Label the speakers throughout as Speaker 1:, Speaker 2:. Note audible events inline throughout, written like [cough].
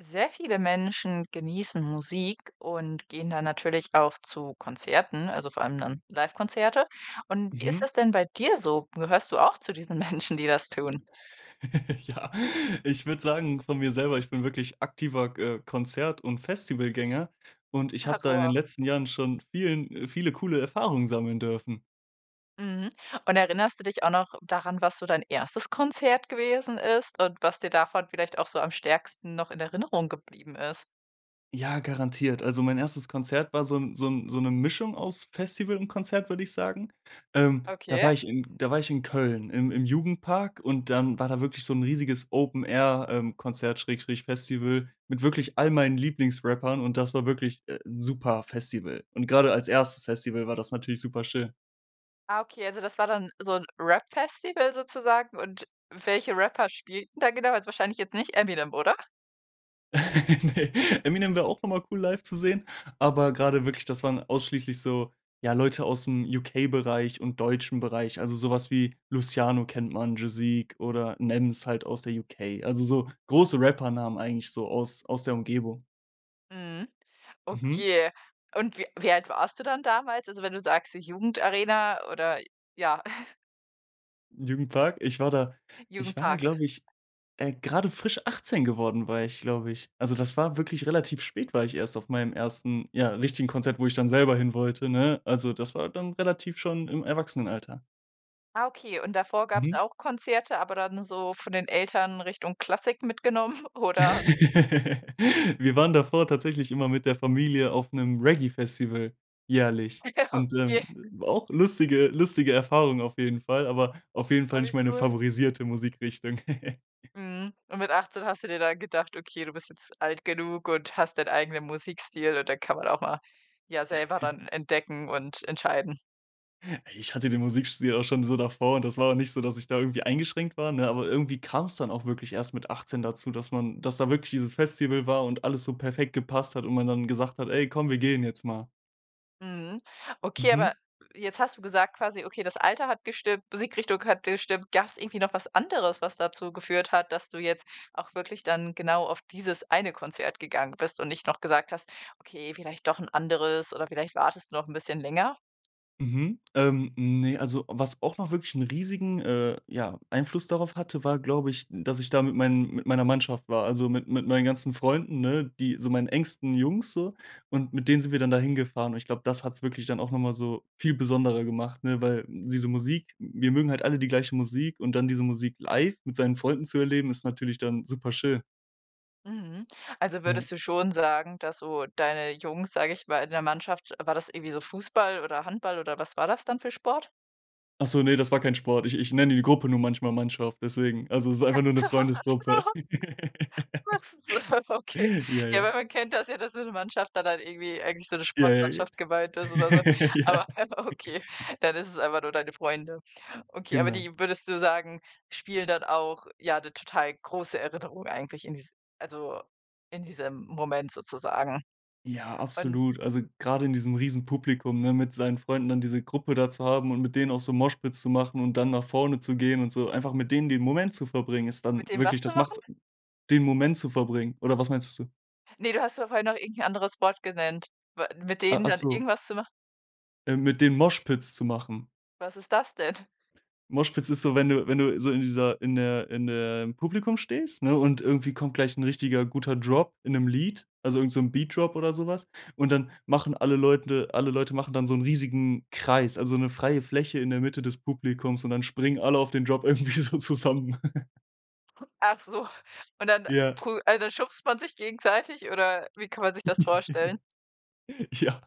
Speaker 1: Sehr viele Menschen genießen Musik und gehen da natürlich auch zu Konzerten, also vor allem dann Livekonzerte. Und wie ist
Speaker 2: Mhm.
Speaker 1: das denn bei dir so? Gehörst du auch zu diesen Menschen, die das tun?
Speaker 2: [giggles] Ja, ich würde sagen von mir selber, ich bin wirklich aktiver g äh, Konzert und Festivalgänger und ich
Speaker 1: Ach,
Speaker 2: habe da in den
Speaker 1: wow.
Speaker 2: letzten Jahren schon vielen viele coole Erfahrungen sammeln dürfen.
Speaker 1: Mhm. Und erinnerst du dich auch noch daran, was so dein 1. Konzert gewesen ist und was dir davon vielleicht auch so am stärksten noch in Erinnerung geblieben ist?
Speaker 2: Ja, garantiert. Also mein 1. Konzert war so 'n so 'n so 'ne Mischung aus Festival und Konzert, würde ich sagen. Ähm, da war
Speaker 1: Okay.
Speaker 2: ich in da war ich in Köln im im Jugendpark und dann war da wirklich so 'n riesiges Open-Air ähm, Konzert/Festival mit wirklich all meinen Lieblingsrappern und das war wirklich, äh, 'n, super Festival. Und grade als 1. Festival war das natürlich super schön.
Speaker 1: Ah, okay, also das war dann so 'n Rap-Festival sozusagen und welche Rapper spielen da genau? Also, jetzt wahrscheinlich jetzt nicht „Eminem“, oder?
Speaker 2: [chuckles] Ne, „Eminem“ wär auch einmal cool live zu sehen, aber grade wirklich, das waren ausschließlich so ja, Leute ausm UK-Bereich und deutschen Bereich, also sowas wie „Luciano“ kennt man, „Joseque“ oder „Nems“ halt aus der UK. Also so große Rappernamen eigentlich so aus aus der Umgebung.
Speaker 1: Mhm,
Speaker 2: Mhm.
Speaker 1: okay. Und wie wie alt warst du dann damals? Also, wenn du sagst, so „Jugendarena“ oder ja. [chuckles]
Speaker 2: Jugendpark, ich war da ich war da,
Speaker 1: Jugendpark.
Speaker 2: glaube ich, äh, grade frisch 18 geworden, war ich, glaube ich. Also, das war wirklich relativ spät, war ich erst auf meinem 1. ja, richtigen Konzert, wo ich dann selber hin wollte, ne? Also, das war dann relativ schon im Erwachsenenalter.
Speaker 1: Ah, okay. Und davor gab's
Speaker 2: Mhm.
Speaker 1: auch Konzerte, aber dann so von den Eltern Richtung Klassik mitgenommen, oder?
Speaker 2: [laughs] Wir waren davor tatsächlich immer mit der Familie auf 'nem Reggae-Festival jährlich.
Speaker 1: Ja,
Speaker 2: Und,
Speaker 1: okay.
Speaker 2: ähm, war auch lustige lustige Erfahrungen auf jeden Fall, aber auf jeden
Speaker 1: Oh
Speaker 2: Fall nicht
Speaker 1: wie
Speaker 2: meine
Speaker 1: cool.
Speaker 2: favorisierte Musikrichtung. [chuckles]
Speaker 1: Mhm. Und mit 18 hast du dir dann gedacht: „Okay, du bist jetzt alt genug und hast deinen eigenen Musikstil“ und dann kann man auch mal, ja, selber
Speaker 2: [chuckles]
Speaker 1: dann entdecken und entscheiden.
Speaker 2: Ich hatte den Musikstil auch schon so davor. Das war auch nicht so, dass ich da irgendwie eingeschränkt war, ne? Aber irgendwie kam's dann auch wirklich erst mit 18 dazu, dass man dass da wirklich dieses Festival war und alles so perfekt gepasst hat und man dann gesagt hat: „Ey komm, wir gehen jetzt mal.“
Speaker 1: Mhm, okay, aber
Speaker 2: Mhm.
Speaker 1: jetzt hast du gesagt quasi okay, das Alter hat gestimmt, Musikrichtung hat gestimmt. Gab's irgendwie noch was anderes, was dazu geführt hat, dass du jetzt auch wirklich dann genau auf dieses eine Konzert gegangen bist und nicht noch gesagt hast: „Okay, vielleicht doch 'n anderes,“ oder vielleicht wartest du noch 'n bisschen länger?
Speaker 2: Mhm. Ähm, ne, also was auch noch wirklich 'n riesigen, äh ja, Einfluss darauf hatte, war glaube ich, dass ich da mit meinen mit meiner Mannschaft war, also mit mit meinen ganzen Freunden, ne, die so meinen engsten Jungs so und mit denen sind wir dann da hingefahren. Und ich glaube, das hat's wirklich dann auch noch mal so viel besonderer gemacht, ne, weil diese Musik wir mögen halt alle die gleiche Musik und dann diese Musik live mit seinen Freunden zu erleben, ist natürlich dann superschön.
Speaker 1: Mhm, also
Speaker 2: Ja.
Speaker 1: würdest du schon sagen, dass so deine Jungs, sage ich mal in der Mannschaft war das irgendwie so Fußball oder Handball oder was war das dann für Sport?
Speaker 2: Ach so, ne, das war kein Sport. Ich ich nenne die Gruppe nur manchmal Mannschaft, deswegen also es ist
Speaker 1: Ach
Speaker 2: einfach nur 'ne
Speaker 1: so, ach
Speaker 2: Freundesgruppe.
Speaker 1: so. Was ist so
Speaker 2: [chuckles]
Speaker 1: okay.
Speaker 2: Ja,
Speaker 1: Ja,
Speaker 2: ja.
Speaker 1: wenn man kennt das ja, dass wenn 'ne Mannschaft da dann irgendwie eigentlich so 'ne
Speaker 2: Ja, ja.
Speaker 1: Sportmannschaft gemeint ist oder so,
Speaker 2: [chuckles] Ja.
Speaker 1: aber okay,
Speaker 2: [chuckles]
Speaker 1: dann ist es einfach nur deine Freunde. Okay, aber
Speaker 2: Genau.
Speaker 1: die, würdest du sagen, spielen dann auch ja 'ne total große Erinnerung eigentlich in dies also in diesem Moment sozusagen.
Speaker 2: Ja,
Speaker 1: Und
Speaker 2: absolut. Also grade in diesem Riesenpublikum, ne, mit seinen Freunden dann diese Gruppe da zu haben und mit denen auch so Moshpit zu machen und dann nach vorne zu gehen und so. Einfach mit denen den Moment zu verbringen, ist dann
Speaker 1: Mit denen
Speaker 2: wirklich
Speaker 1: was zu
Speaker 2: das
Speaker 1: machen?
Speaker 2: macht's den Moment zu verbringen oder was meintest du?
Speaker 1: Ne, du hast ja vorher noch irgendein anderes Wort genannt, w mit
Speaker 2: Ah,
Speaker 1: denen dann
Speaker 2: achso.
Speaker 1: irgendwas zu machen?
Speaker 2: Äh mit denen Moshpits zu machen.
Speaker 1: Was ist das denn?
Speaker 2: Moshpits ist so, wenn du wenn du so in dieser in der in der im Publikum stehst, ne, und irgendwie kommt gleich 'n richtiger guter Drop in 'nem Lied also irgend so 'n Beat Drop oder so was. Und dann machen alle Leute alle Leute machen dann so 'n riesigen Kreis, also 'ne freie Fläche in der Mitte des Publikums und dann springen alle auf den Drop irgendwie so zusammen. [chuckles]
Speaker 1: Ach so. Und dann
Speaker 2: Ja.
Speaker 1: prü also, schubst man sich gegenseitig oder wie kann man sich das vorstellen?
Speaker 2: [chuckles] Ja.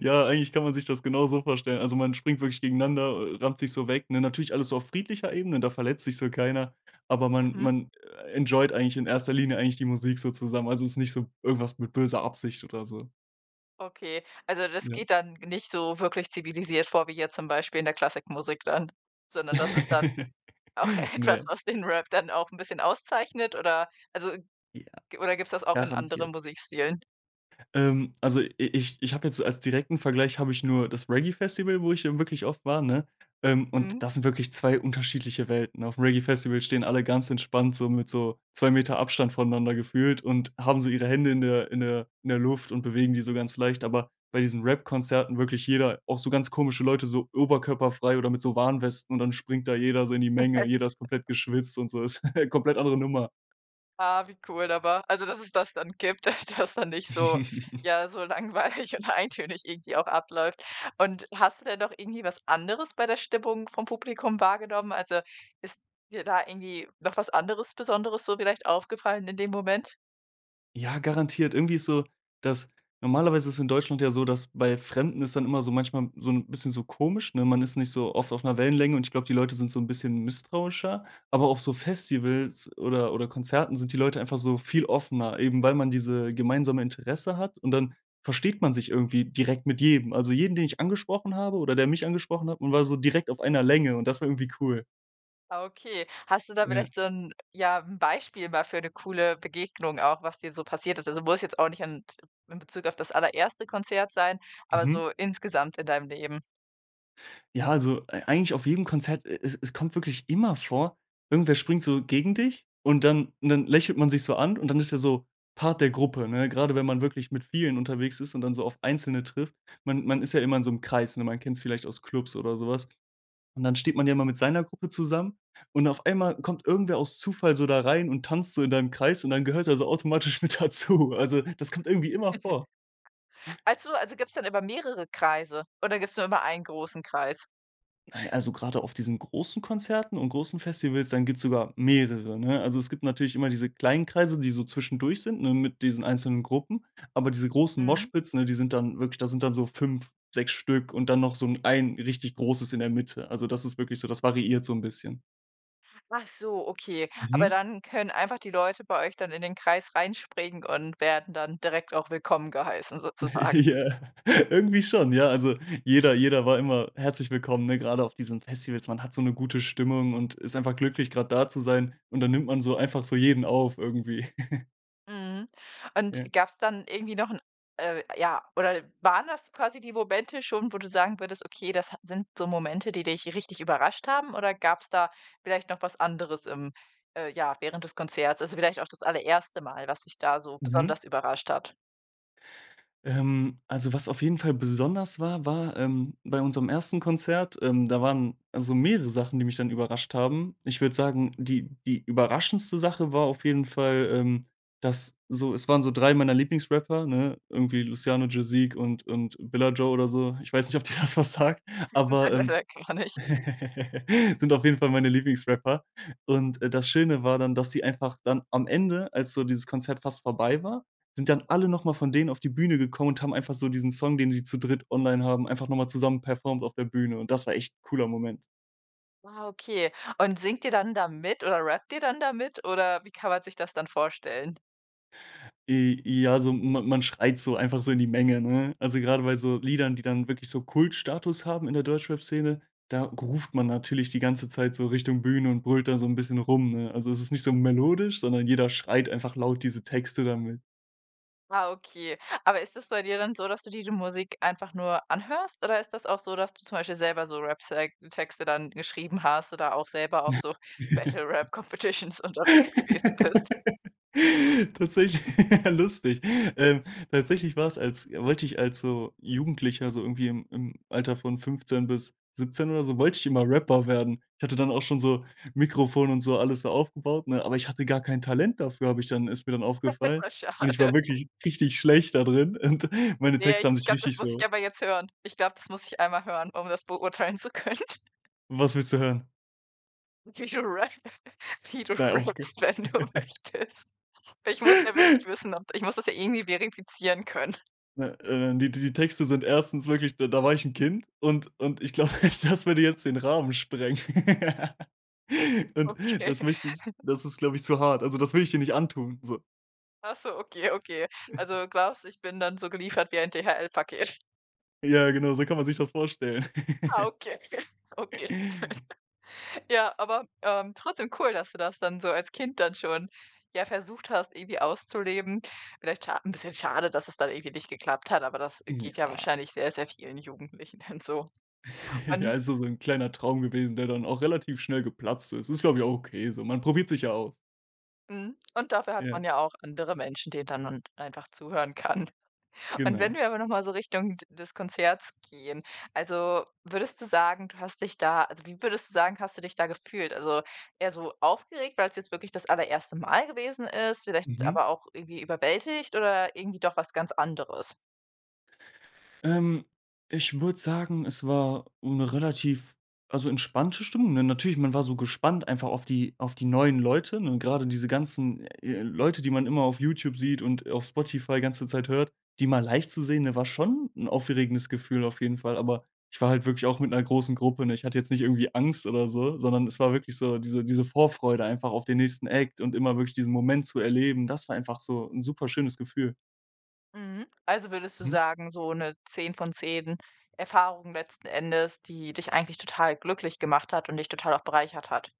Speaker 2: Ja, eigentlich kann man sich das genauso vorstellen. Also, man springt wirklich gegeneinander, äh, rammt sich so weg, ne? Natürlich alles so auf friedlicher Ebene, da verletzt sich so keiner. Aber man
Speaker 1: Mhm.
Speaker 2: man, äh, enjoyed eigentlich in 1. Linie eigentlich die Musik so zusammen. Also, ist nicht so irgendwas mit böser Absicht oder so.
Speaker 1: Okay, also, das
Speaker 2: Ja.
Speaker 1: geht dann nicht so wirklich zivilisiert vor wie jetzt zum Beispiel in der Klassik-Musik dann, sondern das ist dann
Speaker 2: [laughs]
Speaker 1: auch etwas,
Speaker 2: Ne.
Speaker 1: was den Rap dann auch 'n bisschen auszeichnet oder? Also,
Speaker 2: Ja,
Speaker 1: g oder gibt's das auch in
Speaker 2: garantiert.
Speaker 1: anderen Musikstilen?
Speaker 2: Ähm, also, i ich ich habe jetzt, als direkten Vergleich habe ich nur das Reggae-Festival, wo ich, äh, wirklich oft war, ne? Ähm, und
Speaker 1: Mhm.
Speaker 2: das sind wirklich 2 unterschiedliche Welten. Aufm Reggae-Festival stehen alle ganz entspannt so mit so 2 m Abstand voneinander gefühlt und haben so ihre Hände in der in der in der Luft und bewegen die so ganz leicht. Aber bei diesen Rap-Konzerten, wirklich jeder auch so ganz komische Leute so oberkörperfrei oder mit so Warnwesten und dann springt da jeder so in die Menge,
Speaker 1: [chuckles]
Speaker 2: jeder ist komplett geschwitzt und so ist [chuckles] komplett andere Nummer.
Speaker 1: Ah, wie cool aber also, dass es das dann gibt, dass da nicht so,
Speaker 2: [chuckles]
Speaker 1: ja, so langweilig und eintönig irgendwie auch abläuft. Und hast du denn noch irgendwie was anderes bei der Stimmung vom Publikum wahrgenommen? Also, ist dir da irgendwie noch was anderes Besonderes so vielleicht aufgefallen in dem Moment?
Speaker 2: Ja, garantiert. Irgendwie ist so, dass normalerweise ist in Deutschland ja so, dass bei Fremden ist dann immer so manchmal so 'n bisschen so komisch, ne? Man ist nicht so oft auf 'ner Wellenlänge und ich glaube, die Leute sind so 'n bisschen misstrauischer, aber auf so Festivals oder oder Konzerten sind die Leute einfach so viel offener, eben weil man diese gemeinsame Interesse hat und dann versteht man sich irgendwie direkt mit jedem. Also jeden, den ich angesprochen habe oder der mich angesprochen hat, man war so direkt auf einer Länge und das war irgendwie cool.
Speaker 1: Ah, okay, hast du da
Speaker 2: Ja.
Speaker 1: vielleicht so 'n ja, 'n Beispiel mal für 'ne coole Begegnung auch, was dir so passiert ist? Also, muss jetzt auch nicht an t in Bezug auf das allererste Konzert sein, aber
Speaker 2: Mhm.
Speaker 1: so insgesamt in deinem Leben?
Speaker 2: Ja, also, ei eigentlich auf jedem Konzert, e es es kommt wirklich immer vor, irgendwer springt so gegen dich und dann dann lächelt man sich so an und dann ist er so Part der Gruppe, ne, grade wenn man wirklich mit vielen unterwegs ist und dann so auf einzelne trifft. Man man ist ja immer in so 'nem Kreis, ne? Man kennt's vielleicht aus Clubs oder sowas. Und dann steht man ja immer mit seiner Gruppe zusammen und auf einmal kommt irgendwer aus Zufall so da rein und tanzt so in deinem Kreis und dann gehört er so automatisch mit dazu. Also, das kommt irgendwie immer vor.
Speaker 1: [chuckles] Also also, gibt's dann immer mehrere Kreise oder gibt's nur immer einen großen Kreis?
Speaker 2: Nein, also, grade auf diesen großen Konzerten und großen Festivals, dann gibt's sogar mehrere, ne? Also, es gibt natürlich immer diese kleinen Kreise, die so zwischendurch sind, ne, mit diesen einzelnen Gruppen. Aber diese großen
Speaker 1: Mhm.
Speaker 2: Moshpits ne, die sind dann wirklich da sind dann so 5, 6 Stück und dann noch so 'n ein richtig großes in der Mitte. Also das ist wirklich so, das variiert so 'n bisschen.
Speaker 1: Ach so, okay, aber
Speaker 2: Mhm.
Speaker 1: dann können einfach die Leute bei euch dann in den Kreis reinspringen und werden dann direkt auch willkommen geheißen sozusagen.
Speaker 2: Ja, irgendwie schon, ja. Also, jeder jeder war immer herzlich willkommen, ne, gerade auf diesen Festivals. Man hat so 'ne gute Stimmung und ist einfach glücklich, grad da zu sein und dann nimmt man so einfach so jeden auf irgendwie. [chuckles]
Speaker 1: Mhm, und
Speaker 2: Ja.
Speaker 1: gab's dann irgendwie noch 'n, äh ja oder waren das quasi die Momente schon, wo du sagen würdest: „Okay, das ha sind so Momente, die dich richtig überrascht haben“ oder gab's da vielleicht noch was anderes im äh, ja, während des Konzerts? Also vielleicht auch das allererste Mal, was dich da so
Speaker 2: Mhm.
Speaker 1: besonders überrascht hat?
Speaker 2: Ähm, also was auf jeden Fall besonders war, war, ähm, bei unserem 1. Konzert, ähm, da waren also mehrere Sachen, die mich dann überrascht haben. Ich würde sagen, die die überraschendste Sache war auf jeden Fall, ähm, dass so es waren so 3 meiner Lieblingsrapper, ne, irgendwie Luciano, Jazeek und und Billa Joe oder so. Ich weiß nicht, ob dir das was sagt, aber, ähm,
Speaker 1: [unintelligible] Gar nicht.
Speaker 2: [chuckles] sind auf jeden Fall meine Lieblingsrapper und, äh, das Schöne war dann, dass sie einfach dann am Ende, als so dieses Konzert fast vorbei war, sind dann alle noch mal von denen auf die Bühne gekommen und haben einfach so diesen Song, den sie zu dritt online haben, einfach noch mal zusammen performed auf der Bühne und das war echt cooler Moment.
Speaker 1: Wow, okay. Und singt ihr dann da mit oder rappt ihr dann da mit oder wie kann man sich das dann vorstellen?
Speaker 2: J ja, so ma man schreit so einfach so in die Menge, ne? Also, grade bei so Liedern, die dann wirklich so Kultstatus haben in der Deutschrapszene, da ruft man natürlich die ganze Zeit so Richtung Bühne und brüllt da so 'n bisschen rum, ne? Also, es ist nicht so melodisch, sondern jeder schreit einfach laut diese Texte da mit.
Speaker 1: Ah, okay. Aber ist das bei dir dann so, dass du dir die Musik einfach nur anhörst, oder ist das auch so, dass du zum Beispiel selber so Rap [unintelligible] Texte dann geschrieben hast oder auch selber auf so
Speaker 2: [laughs]
Speaker 1: Battle-Rap-Competitions unterwegs gewesen bist?
Speaker 2: Tatsächlich, lustig. Ähm, tatsächlich war es als wollte ich als so Jugendlicher so irgendwie im im Alter von 15 bis 17 oder so, wollte ich immer Rapper werden. Ich hatte dann auch schon so Mikrofon und so alles so aufgebaut, ne? Aber ich hatte gar kein Talent dafür, habe ich dann ist mir dann
Speaker 1: Das
Speaker 2: aufgefallen.
Speaker 1: ist ja
Speaker 2: Und ich war
Speaker 1: schade.
Speaker 2: wirklich richtig schlecht da drin und meine
Speaker 1: Ja,
Speaker 2: Texte haben
Speaker 1: ich
Speaker 2: sich
Speaker 1: glaube, das
Speaker 2: richtig
Speaker 1: muss
Speaker 2: so
Speaker 1: ich aber jetzt hören. Ich glaube, das muss ich einmal hören, um das beurteilen zu können.
Speaker 2: Was willst du hören?
Speaker 1: [unintelligible] Rap. Wie du rappst,
Speaker 2: [unintelligible]
Speaker 1: wenn du
Speaker 2: [chuckles]
Speaker 1: möchtest. Ich muss ja wirklich wissen, ob d ich muss das ja eh nie verifizieren können.
Speaker 2: Ne, äh, die die Texte sind 1. wirklich da da war ich 'n Kind und und ich glaube, das würde jetzt den Rahmen sprengen. [laughs] Und
Speaker 1: Okay.
Speaker 2: das möchte ich
Speaker 1: [giggles]
Speaker 2: das ist, glaube ich, zu hart. Also, das will ich dir nicht antun, so.
Speaker 1: Ach so, okay, okay.
Speaker 2: [chuckles]
Speaker 1: Also, glaubst du, ich bin dann so geliefert wie ein DHL-Paket.
Speaker 2: Ja, genau, so kann man sich das vorstellen.
Speaker 1: Ah,
Speaker 2: [giggles]
Speaker 1: okay, okay, okay. [giggles] Ja, aber, ähm, trotzdem cool, dass du das dann so als Kind dann schon, ja, versucht hast, irgendwie auszuleben. Vielleicht scha 'n bisschen schade, dass es dann irgendwie nicht geklappt hat, aber das, äh,
Speaker 2: Hm,
Speaker 1: geht ja
Speaker 2: ja.
Speaker 1: wahrscheinlich sehr, sehr vielen Jugendlichen dann so.
Speaker 2: [chuckles] Ja,
Speaker 1: Und
Speaker 2: also so 'n kleiner Traum gewesen, der dann auch relativ schnell geplatzt ist. Ist, glaube ich, okay so. Man probiert sich ja aus.
Speaker 1: Mhm, und dafür hat
Speaker 2: Ja.
Speaker 1: man ja auch andere Menschen, denen dann man einfach zuhören kann. Und wenn
Speaker 2: Genau.
Speaker 1: wir aber noch mal so Richtung d des Konzerts gehen, also, würdest du sagen, du hast dich da also, wie würdest du sagen, hast du dich da gefühlt? Also, eher so aufgeregt, weil's jetzt wirklich das allererste Mal gewesen ist, vielleicht
Speaker 2: Mhm.
Speaker 1: aber auch irgendwie überwältigt oder irgendwie doch was ganz anderes?
Speaker 2: Ähm, ich würde sagen, es war 'ne relativ, also, entspannte Stimmung, ne? Natürlich, man war so gespannt einfach auf die auf die neuen Leute, ne? Grade diese ganzen, äh, Leute, die man immer auf YouTube sieht und auf Spotify ganze Zeit hört, die mal live zu sehen, ne, war schon 'n aufregendes Gefühl auf jeden Fall. Aber ich war halt wirklich auch mit 'ner großen Gruppe, ne? Ich hatte jetzt nicht irgendwie Angst oder so, sondern es war wirklich so, diese diese Vorfreude einfach auf den nächsten Act und immer wirklich diesen Moment zu erleben, das war einfach so 'n superschönes Gefühl.
Speaker 1: Mhm. Also, würdest du
Speaker 2: Mhm.
Speaker 1: sagen, so 'ne 10 von 10 Erfahrungen letzten Endes, die dich eigentlich total glücklich gemacht hat und dich total auch bereichert hat?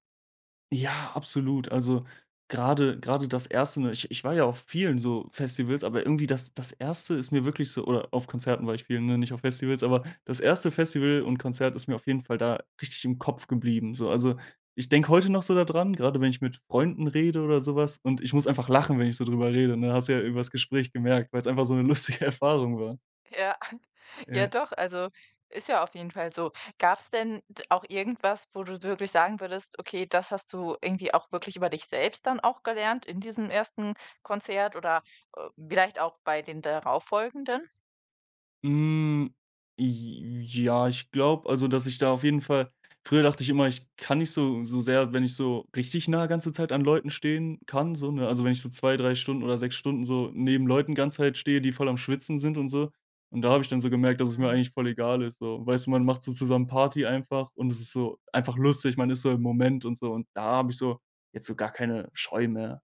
Speaker 2: Ja, absolut. Also, grade grade das 1., ne? Ich ich war ja auf vielen, so, Festivals, aber irgendwie das das 1. ist mir wirklich so oder auf Konzerten war ich vielen, ne, nicht auf Festivals. Aber das 1. Festival und Konzert ist mir auf jeden Fall da richtig im Kopf geblieben. So, also, ich denke heute noch so da dran, grade wenn ich Freunden rede oder so was und ich muss einfach lachen, wenn ich so drüber rede, ne? Hast du ja übers Gespräch gemerkt, weil's einfach so 'ne lustige Erfahrung war.
Speaker 1: Ja, [chuckles] ja
Speaker 2: Ja.
Speaker 1: doch, also, ist ja auf jeden Fall so. Gab's denn d auch irgendwas, wo du wirklich sagen würdest: „Okay, das hast du irgendwie auch wirklich über dich selbst dann auch gelernt in diesem 1. Konzert oder, äh, vielleicht auch bei den darauffolgenden?“
Speaker 2: Hm, j ja ich glaube also, dass ich da auf jeden Fall früher dachte ich immer: „Ich kann nicht so so sehr wenn ich so richtig nah ganze Zeit an Leuten stehen kann so ne?“ Also, wenn ich so 2 3 Stunden oder 6 Stunden so neben Leuten ganze Zeit stehe, die voll am Schwitzen sind und so. Und da habe ich dann so gemerkt, dass es mir eigentlich voll egal ist so. Weißt du, man macht so zusammen Party einfach und es ist so einfach lustig. Man ist so im Moment und so. Und da habe ich so jetzt so gar keine Scheu mehr.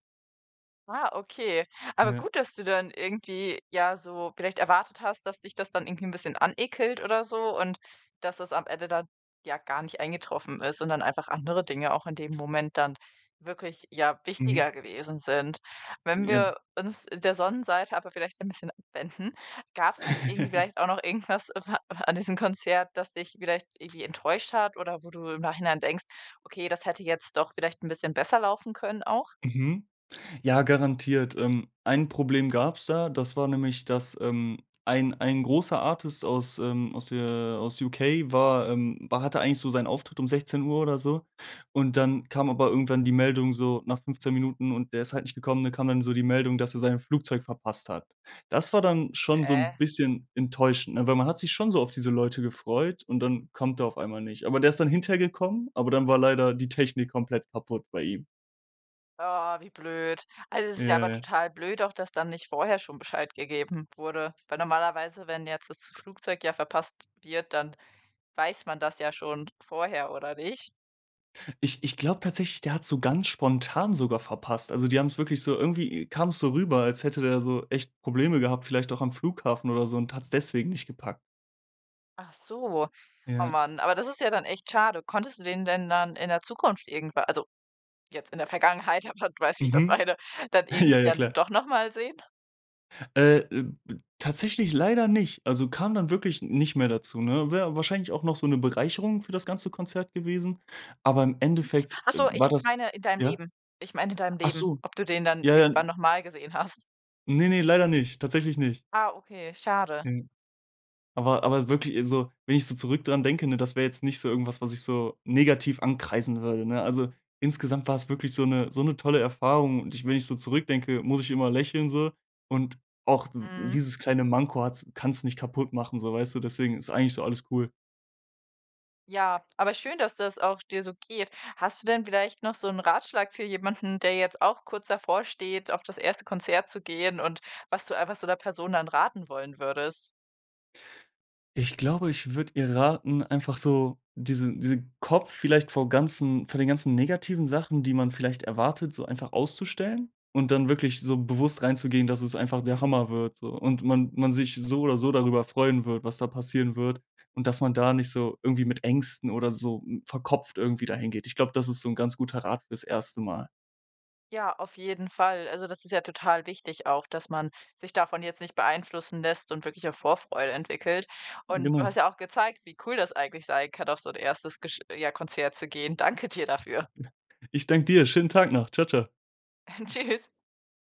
Speaker 1: Ah, okay. Aber
Speaker 2: Ja.
Speaker 1: gut, dass du dann irgendwie, ja, so vielleicht erwartet hast, dass dich das dann irgendwie 'n bisschen anekelt oder so und dass das am Ende dann ja gar nicht eingetroffen ist und dann einfach andere Dinge auch in dem Moment dann wirklich, ja,
Speaker 2: Mhm.
Speaker 1: wichtiger gewesen sind. Wenn
Speaker 2: Ja.
Speaker 1: wir uns der Sonnenseite aber vielleicht ein bisschen abwenden, gab's dann irgendwie
Speaker 2: [chuckles]
Speaker 1: vielleicht auch noch irgendwas a an diesem Konzert, das dich vielleicht irgendwie enttäuscht hat oder wo du im Nachhinein denkst: „Okay, das hätte jetzt doch vielleicht 'n bisschen besser laufen können auch?“
Speaker 2: Mhm. Ja, garantiert. Ähm, ein Problem gab's da. Das war nämlich, dass, ähm, ein ein großer Artist aus, ähm aus der, äh aus UK war, ähm hatte eigentlich so seinen Auftritt um 16 oder so und dann kam aber irgendwann die Meldung so nach 15 Minuten und der ist halt nicht gekommen, dann kam dann so die Meldung, dass er sein Flugzeug verpasst hat. Das war dann schon so 'n
Speaker 1: Hä?
Speaker 2: bisschen enttäuschend, ne? Weil man hat sich schon so auf diese Leute gefreut und dann kommt er auf einmal nicht. Aber der ist dann hinterher gekommen, aber dann war leider die Technik komplett kaputt bei ihm.
Speaker 1: Oh, wie blöd. Also, es ist ja
Speaker 2: Ja,
Speaker 1: aber
Speaker 2: ja.
Speaker 1: total blöd auch, dass da nicht vorher schon Bescheid gegeben wurde, weil normalerweise, wenn jetzt das Flugzeug ja verpasst wird, dann weiß man das ja schon vorher oder nicht?
Speaker 2: Ich ich glaube tatsächlich, der hat's so ganz spontan sogar verpasst. Also, die haben's wirklich so irgendwie kam's so rüber, als hätte der so echt Probleme gehabt, vielleicht auch am Flughafen oder so und hat's deswegen nicht gepackt.
Speaker 1: Ach so, oh
Speaker 2: Ja.
Speaker 1: man, aber das ist ja dann echt schade. Konntest du den dann in der Zukunft irgendwa also, jetzt in der Vergangenheit, ja, weiß wie ich das
Speaker 2: Mhm.
Speaker 1: meine, dann
Speaker 2: [chuckles] Ja,
Speaker 1: irgendwie
Speaker 2: ja
Speaker 1: dann
Speaker 2: klar.
Speaker 1: doch noch mal sehen?
Speaker 2: Äh, b b tatsächlich leider nicht also, kam dann wirklich nicht mehr dazu, ne? Wäre wahrscheinlich auch noch so 'ne Bereicherung für das ganze Konzert gewesen, aber im
Speaker 1: Mhm.
Speaker 2: Endeffekt,
Speaker 1: Ach
Speaker 2: äh,
Speaker 1: so, ich
Speaker 2: war
Speaker 1: ich
Speaker 2: das
Speaker 1: meine in deinem
Speaker 2: ja?
Speaker 1: Leben. Ich meine in deinem
Speaker 2: Ach
Speaker 1: Leben,
Speaker 2: so.
Speaker 1: ob du den dann
Speaker 2: Ja, ja,
Speaker 1: irgendwann
Speaker 2: n
Speaker 1: noch mal gesehen hast?
Speaker 2: Ne, ne, leider nicht, tatsächlich nicht.
Speaker 1: Ah, okay, schade.
Speaker 2: Mhm, aber aber wirklich so wenn ich so zurück dran denke, ne, das wäre jetzt nicht so irgendwas, was ich so negativ ankreiden würde, ne? Also, insgesamt war es wirklich so 'ne so 'ne tolle Erfahrung und ich wenn ich so zurückdenke, muss ich immer lächeln so. Und auch w
Speaker 1: Mhm.
Speaker 2: dieses kleine Manko hat's kann's nicht kaputtmachen so, weißt du? Deswegen ist eigentlich so alles cool.
Speaker 1: Ja, aber schön, dass das auch dir so geht. Hast du denn vielleicht noch so 'n Ratschlag für jemanden, der jetzt auch kurz davor steht, auf das 1. Konzert zu gehen und was du einfach zu der Person dann raten wollen würdest?
Speaker 2: Ich glaube, ich würde ihr raten, einfach so diese diesen Kopf vielleicht vor ganzen vor den ganzen negativen Sachen, die man vielleicht erwartet, so einfach auszustellen. Und dann wirklich so bewusst reinzugehen, dass es einfach der Hammer wird, so, und man man sich so oder so darüber freuen wird, was da passieren wird und dass man da nicht so irgendwie mit Ängsten oder so verkopft irgendwie da hin geht. Ich glaube, das ist so 'n ganz guter Rat für das 1. Mal.
Speaker 1: Ja, auf jeden Fall. Also, das ist ja total wichtig auch, dass man sich davon jetzt nicht beeinflussen lässt und wirklich auch Vorfreude entwickelt. Und du
Speaker 2: Genau.
Speaker 1: hast ja auch gezeigt, wie cool das eigentlich sein kann, auf so 'n 1. gesch ja Konzert zu gehen. Danke dir dafür.
Speaker 2: [chuckles] Ich danke dir, schönen Tag noch. Tschau, tschau.
Speaker 1: Äh, tschüss.